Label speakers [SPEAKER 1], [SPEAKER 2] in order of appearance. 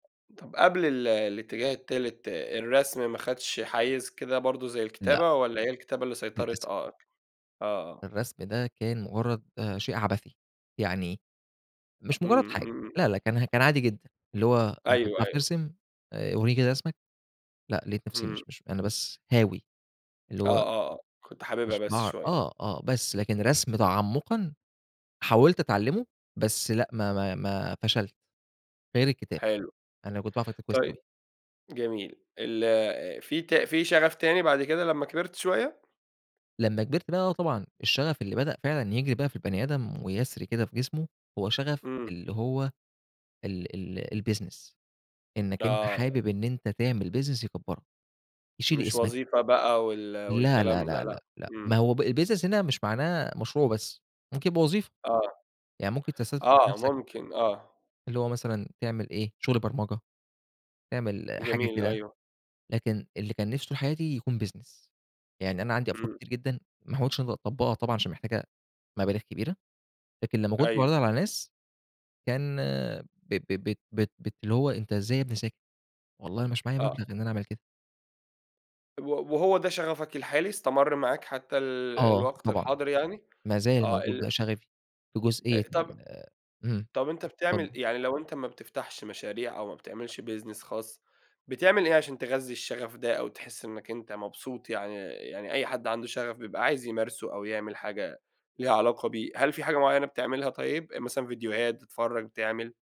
[SPEAKER 1] طَب قبل ال الاتجاه التالت، الرسم ماخدش حيّز كده برضو زي
[SPEAKER 2] لأ.
[SPEAKER 1] الكتابة، والّا هي الكتابة اللي سيطرت؟
[SPEAKER 2] للأسف.
[SPEAKER 1] آه، آه آه.
[SPEAKER 2] الرسم ده كان مجرّد، شيء عبثي. يعني مش مجرّد
[SPEAKER 1] إمم،
[SPEAKER 2] حاجة.
[SPEAKER 1] إمم، إمم.
[SPEAKER 2] لأ، لأ، كان، كان عادي جدًا. اللي هو أنت
[SPEAKER 1] أيوه.
[SPEAKER 2] بتعرف
[SPEAKER 1] أيوه.
[SPEAKER 2] ترسم آآ، ورّيني كده رسمك. لأ، لقيت نفسي،
[SPEAKER 1] إمم.
[SPEAKER 2] مش مش أنا بس هاوي، اللي
[SPEAKER 1] آه
[SPEAKER 2] هو
[SPEAKER 1] آه، آه، كنت حاببها
[SPEAKER 2] مش
[SPEAKER 1] بس
[SPEAKER 2] باعر
[SPEAKER 1] شوية.
[SPEAKER 2] آه، آه، بس لكن رسم تعمقًا حاولت أتعلمه، بس لأ، ما ما ما فشلت. غير الكتابة.
[SPEAKER 1] حلو،
[SPEAKER 2] أنا كنت باعرف أكتب كويّس أوي.
[SPEAKER 1] طيب، جميل. ال في ت في شغف تاني بعد كده لمّا كبرت شوية؟
[SPEAKER 2] لمّا كبرت، لأ، طبعًا، الشغف اللي بدأ فعلًا يجري بقى في البني آدم ويسري كده في جسمه، هو شغف
[SPEAKER 1] إمم.
[SPEAKER 2] اللي هو ال ال الBusiness. إنك أنت
[SPEAKER 1] آه.
[SPEAKER 2] حابب إن أنت تعمل business يكبرك، يشيل
[SPEAKER 1] مش
[SPEAKER 2] اسمك.
[SPEAKER 1] وظيفة بقى وال
[SPEAKER 2] لا، لا،
[SPEAKER 1] والكلام ده،
[SPEAKER 2] لا، لا،
[SPEAKER 1] لأ.
[SPEAKER 2] لا. ما
[SPEAKER 1] إمم.
[SPEAKER 2] هو الbusiness هنا مش معناه مشروع بس، ممكن يبقى وظيفة.
[SPEAKER 1] آه،
[SPEAKER 2] يعني ممكن تستثمر في
[SPEAKER 1] آه،
[SPEAKER 2] نفسك
[SPEAKER 1] ممكن، آه.
[SPEAKER 2] اللي هو مثلًا تعمل إيه، شغل برمجة، تعمل، حاجة
[SPEAKER 1] جميل،
[SPEAKER 2] كده.
[SPEAKER 1] أيوه.
[SPEAKER 2] لكن اللي كان نفسي طول حياتي يكون business. يعني أنا عندي أفكار
[SPEAKER 1] إمم.
[SPEAKER 2] كتير جدًا ما حاولتش إن أنا أطبقها طبعًا عشان محتاجة مبالغ كبيرة، لكن لمّا كنت
[SPEAKER 1] أيوه.
[SPEAKER 2] باعرضها على الناس كان، ب ب بت بت اللي هو أنت إزاي يا ابني ساكت؟ والله مش معايا
[SPEAKER 1] آه.
[SPEAKER 2] مبلغ إن أنا أعمل كده.
[SPEAKER 1] و وهو ده شغفك الحالي، استمر معاك حتى ال
[SPEAKER 2] آه،
[SPEAKER 1] الوقت
[SPEAKER 2] طبعًا.
[SPEAKER 1] الحاضر يعني؟
[SPEAKER 2] ما زال
[SPEAKER 1] آه،
[SPEAKER 2] موجود
[SPEAKER 1] ال
[SPEAKER 2] بقى شغفي في جزئية
[SPEAKER 1] آآ، طَب
[SPEAKER 2] ال إمم.
[SPEAKER 1] طَب أنت بتعمل
[SPEAKER 2] اتفضل.
[SPEAKER 1] إيه، يعني لو أنت ما بتفتحش مشاريع أو ما بتعملش business خاص، بتعمل إيه عشان تغذي الشغف ده أو تحس إنك أنت مبسوط، يعني، يعني أي حد عنده شغف بيبقى عايز يمارسه أو يعمل حاجة ليها علاقة بيه. هل فيه حاجة مُعيّنة بتعملها طيب، مثلًا فيديوهات بتتفرج، بتعمل؟